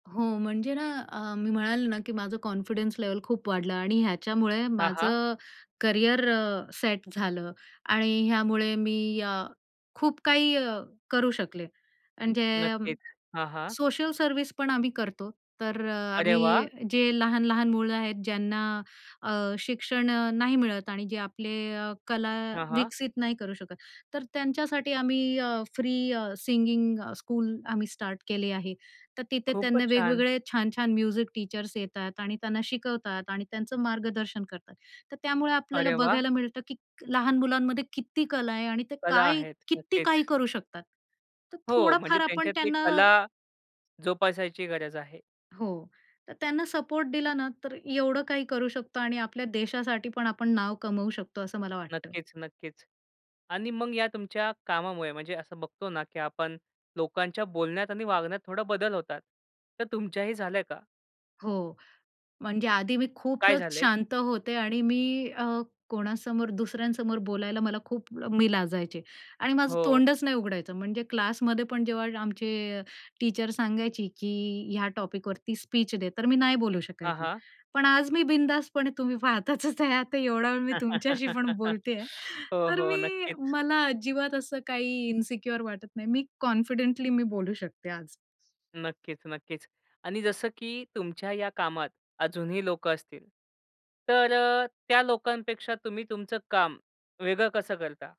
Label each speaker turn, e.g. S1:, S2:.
S1: हो, म्हणजे ना, अ, मी म्हणाले ना, की माझं कॉन्फिडन्स लेव्हल खूप वाढलं आणि ह्याच्यामुळे
S2: हां, हां.
S1: माझं करियर अ, सेट झालं आणि ह्यामुळे मी अ, खूप काही अ, करू शकले. म्हणजे,
S2: नक्कीच. हां, हां.
S1: सोशल सर्व्हिस पण आम्ही करतो. तर अ,
S2: अरे
S1: आम्ही
S2: वाह!
S1: जे लहान-लहान मुलं आहेत, ज्यांना अ, शिक्षण अ, नाही मिळत आणि जे आपले अ, कला
S2: हां, हां.
S1: विकसित नाही करू शकत, तर त्यांच्यासाठी आम्ही अ, फ्री अ, सिंगिंग स्कूल आम्ही स्टार्ट केले आहे. तर तिथे त्यांना
S2: खूपच छान!
S1: वेगवेगळे, छान-छान म्युझिक टीचर्स येतात आणि त्यांना शिकवतात आणि त्यांचं मार्गदर्शन करतात. तर त्यामुळे आपल्याला
S2: अरे वाह!
S1: बघायला मिळतं, की लहान मुलांमध्ये किती कला आहे आणि ते
S2: कला
S1: काय
S2: आहेत,
S1: किती
S2: नक्कीच.
S1: काही करू शकतात. तर
S2: हो, म्हणजे
S1: थोडंफार आपण
S2: त्यांच्यातली
S1: त्यांना
S2: कला जोपासायची गरज आहे.
S1: हो, तर त्यांना सपोर्ट दिला ना, तर एवढं काही करू शकतो आणि आपल्या देशासाठी पण आपण नाव कमवू शकतो, असं मला वाटतं.
S2: नक्कीच-नक्कीच आणि मग या तुमच्या कामामुळे म्हणजे असं बघतो ना, की आपण लोकांच्या बोलण्यात आणि वागण्यात थोडा बदल होतात. तर तुमच्याही झालंय का?
S1: हो, म्हणजे आधी मी
S2: काय
S1: खूपच
S2: झालेत?
S1: शांत होते आणि मी अ, कोणासमोर, दुसऱ्यांसमोर बोलायला मला खूप म मी लाजायचे आणि माझं
S2: हो.
S1: तोंडच नाही उघडायचं. म्हणजे क्लासमध्ये पण जेव्हा आमचे टीचर सांगायची, की ह्या टॉपिक वरती स्पीच दे. तर मी नाही बोलू
S2: हां,
S1: शकायची.
S2: हां.
S1: पण आज मी बिनधास्तपणे तुम्ही पाहताच आहे ते एवढा वेळ मी तुमच्याशी पण बोलतेय.
S2: हो,
S1: तर
S2: हो,
S1: मी
S2: नक्कीच.
S1: मला अजिबात असं काही इन्सिक्युअर वाटत नाही. मी कॉन्फिडेंटली मी बोलू शकते आज.
S2: नक्कीच-नक्कीच आणि जसं की तुमच्या या कामात अजूनही लोकं असतील, तर अ, त्या लोकांपेक्षा तुम्ही तुमचं काम वेगळं कसं करता?